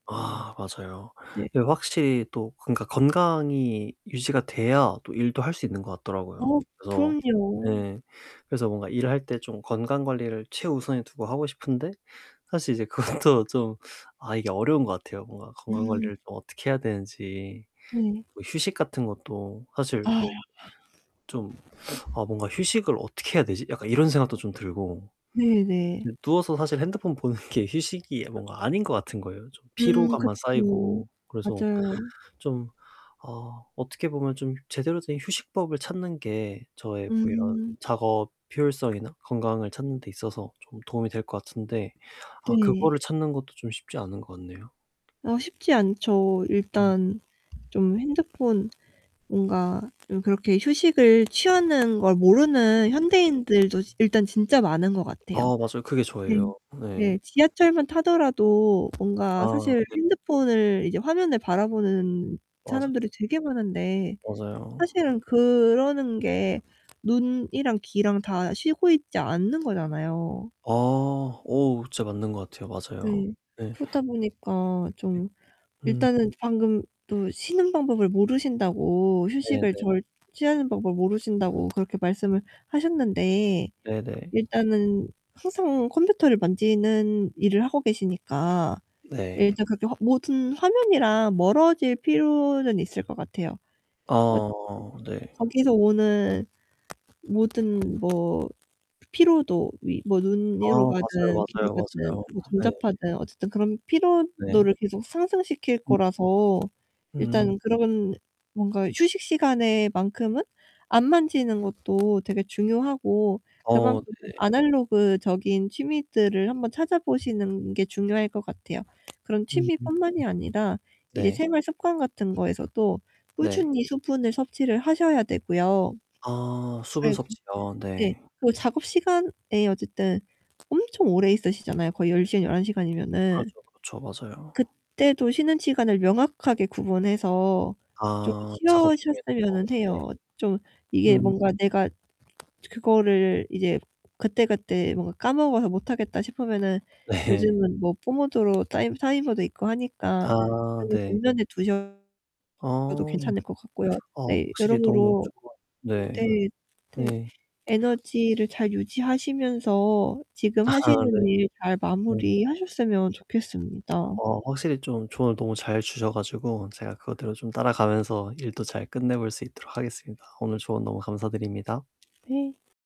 아 맞아요. 네. 이게 확실히 또 그러니까 건강이 유지가 돼야 또 일도 할 수 있는 것 어 같더라고요. 그래서 그럼요. 예. 그래서 뭔가 일을 할 때 좀 건강관리를 최우선에 두고 하고 싶은데 사실 이제 그것도 좀 아 이게 어려운 것 같아요. 뭔가 음. 건강관리를 좀 어떻게 해야 되는지 네. 뭐 휴식 같은 것도 사실 아. 뭐 좀 '아 뭔가 휴식을 어떻게 해야 되지?' 약간 이런 생각도 좀 들고. 네 네. 이제 누워서 사실 핸드폰 보는 게 휴식이 뭔가 아닌 것 같은 거에요 음 피로감만 그쵸. 쌓이고. 그래서 맞아요. 좀 어 어떻게 보면 좀 제대로 된 휴식법을 찾는 게 저의 뭐 이런 음. 작업 효율성이나 건강을 찾는데 있어서 좀 도움이 될 것 같은데 아 그거를 네. 찾는 것도 좀 쉽지 않은 것 같네요. 아 쉽지 않죠. 음. 일단 좀 핸드폰 뭔가 좀 그렇게 휴식을 취하는 걸 모르는 현대인들도 지 일단 진짜 많은 것 아 같아요. 맞아요. 그게 네 저예요. 네. 네. 지하철만 타더라도 뭔가 아 사실 네. 핸드폰을 이제 화면을 바라보는 맞아요. 사람들이 되게 많은데 맞아요. 사실은 그러는 게 눈이랑 귀랑 다 쉬고 있지 않는 거잖아요. 아, 오 진짜 맞는 것 같아요. 맞아요. 네. 네. 그러다 보니까 네. 좀 음. 일단은 방금 또 쉬는 방법을 모르신다고, 네 휴식을 네. 잘 취하는 방법을 모르신다고 그렇게 말씀을 하셨는데 네, 네. 일단은 항상 컴퓨터를 만지는 일을 하고 계시니까 네. 일단 그렇게 화 모든 화면이랑 멀어질 필요는 있을 것 같아요. 어 즈 어 네. 거기서 오는 모든 뭐 피로도 위 아 눈으로 맞아요, 가든 귀로 맞아요, 가든 맞아요. 뭐 네. 전자파든 어쨌든 그런 네. 피로도를 계속 상승시킬 음. 거라서 음. 일단 그런 뭔가 휴식 시간에 만큼은 안 만지는 것도 되게 중요하고 어 그만큼 좀 네. 아날로그적인 취미들을 한번 찾아보시는 게 중요할 것 같아요. 그런 음. 취미 뿐만이 아니라 이제 네. 생활 습관 같은 거에서도 네. 꾸준히 수분을 섭취를 하셔야 되고요. 아 수분 네. 섭취요. 네. 네. 그리고 작업 시간에 어쨌든 엄청 오래 있으시잖아요 거의 10 시간, 11 시간이면은. 그렇죠, 그렇죠. 맞아요. 그때도 쉬는 시간을 명확하게 구분해서 좀 아 작업 중에도. 어 쉬어셨으면은 네. 해요. 좀 이게 음. 뭔가 '내가 그거를 이제 그때그때 뭔가 까먹어서 못하겠다.' 싶으면은 네. 요즘은 뭐 뽀모도로 따이 타이머도 있고 하니까 아 그거 네. 정면에 두셔도 어. 괜찮을 것 같고요. 어 네. 확실히 너무 여러모로 좁아 네 네, 네. 네. 에너지를 잘 유지하시면서 지금 아. 네. 하시는 일 잘 네. 마무리하셨으면 좋겠습니다. 어 확실히 좀 조언을 너무 잘 주셔 가지고 제가 그거대로 좀 따라가면서 일도 잘 끝내 볼 수 있도록 하겠습니다. 오늘 조언 너무 감사드립니다. 네.